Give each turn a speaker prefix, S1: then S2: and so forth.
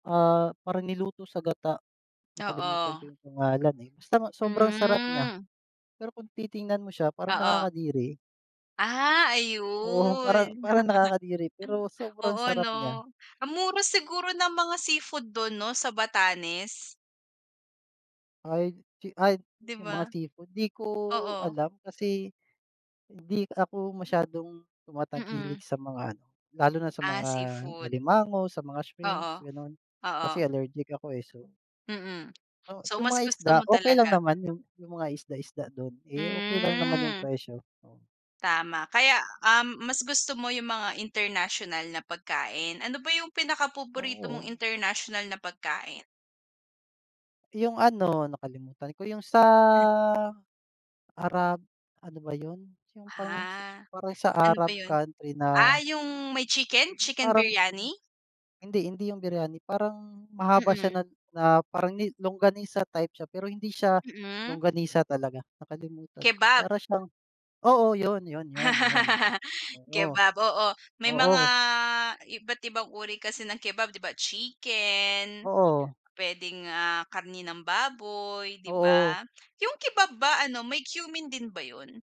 S1: Ah, parang niluto sa gata, nakalimutan
S2: Oo.
S1: ko 'yung pangalan, eh. Basta ma sobrang sarap niya,
S2: Hmm.
S1: pero kung titingnan mo siya parang
S2: Oo.
S1: nakakadiri.
S2: Ah,
S1: Oo, parang,
S2: ayun.
S1: parang nakakadiri. Pero
S2: Ano
S1: sobrang
S2: Oo,
S1: sarap
S2: 'no.
S1: niya.
S2: Ang mura siguro ng mga seafood do'n, 'no, sa Batanes?
S1: Ay d chi ay
S2: 'Di
S1: 'yong mga
S2: ba?
S1: seafood. 'Di ko
S2: Oo.
S1: alam, kasi, hindi ako masyadong tumatangkilik
S2: Mm.
S1: sa mga ano, lalo na sa
S2: Ah,
S1: mga
S2: seafood.
S1: alimango, sa mga
S2: Oo,
S1: shrimps, gano'n.
S2: oo.
S1: Kasi allergic ako eh, so.
S2: Mm.
S1: O,
S2: So,
S1: 'yong
S2: mas
S1: mga
S2: gusto
S1: isda,
S2: mo
S1: okay lang
S2: talaga.
S1: naman 'yon, 'yong mga isda-isda do'n. Eh, okay lang naman 'yong
S2: Hmm.
S1: presyo, oo.
S2: Tama. Kaya, um, mas gusto mo 'yong mga international na pagkain. Ano ba 'yong pinaka paborito mong
S1: Oo.
S2: international na pagkain?
S1: 'Yung ano, nakalimutan ko. 'Yong sa,
S2: Hmm.
S1: Arab ano ba 'yon, 'yong parang sa
S2: Ah,
S1: parang sa
S2: ano ba
S1: Arab
S2: 'yon?
S1: country
S2: Ah,
S1: na
S2: 'yong may chicken,
S1: Eh, 'yong
S2: chicken
S1: parang [unintelligible]
S2: biryani?
S1: Hindi, hindi 'yong biryani. Parang, mahaba siya na
S2: Mm.
S1: na parang ni longganisa type siya, pero hindi siya
S2: Mm.
S1: longganisa talaga. Nakalimutan ko,
S2: Kebab.
S1: para siyang, oo, 'yon, 'yon, 'yon, 'yon, 'yon, oo.
S2: Kebab, oo. May mga,
S1: Oo.
S2: iba't ibang uri kasi ng kebab, 'di ba, chicken,
S1: Oo.
S2: puwedeng, ah, karne ng baboy, 'di
S1: Oo.
S2: ba. 'Yong kebab ba ano, may cumin din ba 'yon?